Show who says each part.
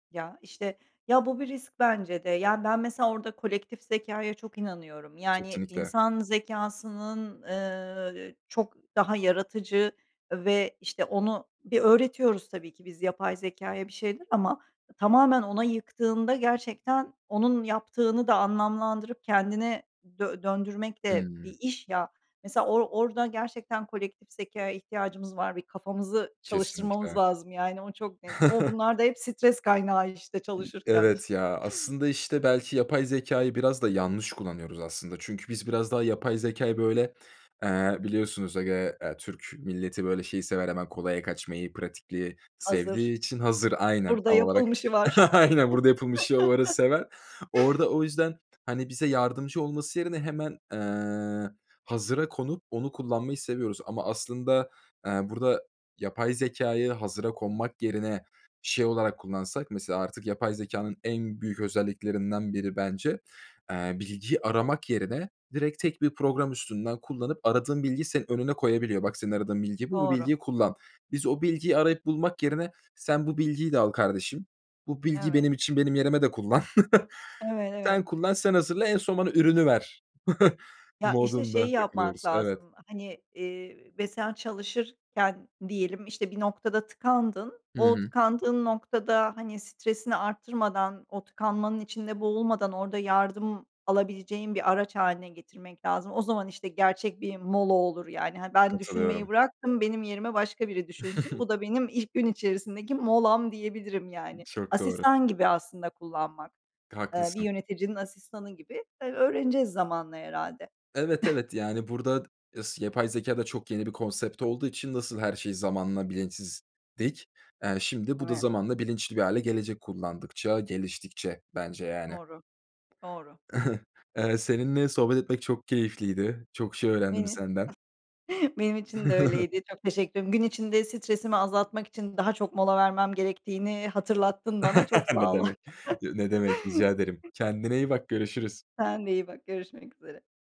Speaker 1: Ya, işte Ya, bu bir risk bence de. Yani, ben mesela orada kolektif zekâya çok inanıyorum. Yani,
Speaker 2: Kesinlikle.
Speaker 1: insan zekâsının, eee, çok daha yaratıcı ve, işte, onu bir öğretiyoruz tabii ki biz yapay zekâya bir şeyler ama tamamen ona yıktığında gerçekten onun yaptığını da anlamlandırıp kendine dö döndürmek de bir
Speaker 2: Hımm.
Speaker 1: iş, ya. Mesela or orada gerçekten kolektif zekâya ihtiyacımız var. Bir kafamızı çalıştırmamız
Speaker 2: Kesinlikle.
Speaker 1: lazım, yani, o çok net. O bunlar da hep stres kaynağı işte
Speaker 2: İ
Speaker 1: çalışırken iş
Speaker 2: evet, ya, aslında, işte, belki yapay zekâyı biraz da yanlış kullanıyoruz aslında. Çünkü biz biraz daha yapay zekâyı böyle, eee, biliyorsunuz ege eee, ya Türk milleti böyle şeyi sever, hemen kolaya kaçmayı, pratikliği sevdiği
Speaker 1: Hazır.
Speaker 2: için hazır Aynen,
Speaker 1: Burada
Speaker 2: tam olarak
Speaker 1: yapılmışı var.
Speaker 2: Aynen burada yapılmış. [unintelligible] Orada o yüzden, hani, bize yardımcı olması yerine hemen, eee, hazıra konup onu kullanmayı seviyoruz ama aslında, eee, burada yapay zekâyı hazıra konmak yerine şey olarak kullansak mesela artık yapay zekânın en büyük özelliklerinden biri bence, eee, bilgiyi aramak yerine direkt tek bir program üstünden kullanıp aradığın bilgiyi senin önüne koyabiliyor. "Bak, senin aradığın bilgi bu. Bu
Speaker 1: Doğru.
Speaker 2: bilgiyi kullan." Biz o bilgiyi arayıp bulmak yerine, "Sen bu bilgiyi de al kardeşim. Bu bilgi
Speaker 1: Evet.
Speaker 2: benim için, benim yerime de kullan.
Speaker 1: Evet, evet.
Speaker 2: Sen kullan, sen hazırla, en son bana ürünü ver."
Speaker 1: Ya, işte,
Speaker 2: modunda
Speaker 1: şeyi yapmak
Speaker 2: takılıyoruz. Evet.
Speaker 1: lazım, hani, eee, ve sen çalışırken diyelim, işte, bir noktada tıkandın,
Speaker 2: Hı
Speaker 1: o
Speaker 2: hı.
Speaker 1: tıkandığın noktada, hani, stresini arttırmadan, o tıkanmanın içinde boğulmadan orada yardım alabileceğin bir araç hâline getirmek lazım. O zaman, işte, gerçek bir mola olur, yani. Hani, ben düşünmeyi
Speaker 2: Katılıyorum.
Speaker 1: bıraktım, benim yerime başka biri düşünsün. Bu da benim ilk gün içerisindeki molam diyebilirim, yani.
Speaker 2: Çok doğru.
Speaker 1: Asistan gibi aslında kullanmak. Eee, bir
Speaker 2: Haklısın.
Speaker 1: yöneticinin asistanı gibi. Eee, öğreneceğiz zamanla herhâlde.
Speaker 2: Evet, evet, yani, burada s yapay zekâ da çok yeni bir konsept olduğu için nasıl her şey zamanla bilinçsizdik. Eee, şimdi bu da
Speaker 1: [unintelligible]
Speaker 2: zamanla bilinçli bir hâle gelecek kullandıkça, geliştikçe bence yani.
Speaker 1: Doğru, doğru.
Speaker 2: Eee, seninle sohbet etmek çok keyifliydi. Çok şey öğrendim
Speaker 1: [unintelligible]
Speaker 2: senden.
Speaker 1: Benim için de öyleydi. Çok teşekkür ediyorum. Gün içinde stresimi azaltmak için daha çok mola vermem gerektiğini hatırlattın bana. Çok
Speaker 2: Ne
Speaker 1: sağ ol.
Speaker 2: demek. Ne demek, rica ederim. Kendine iyi bak görüşürüz.
Speaker 1: Sen de iyi bak, görüşmek üzere.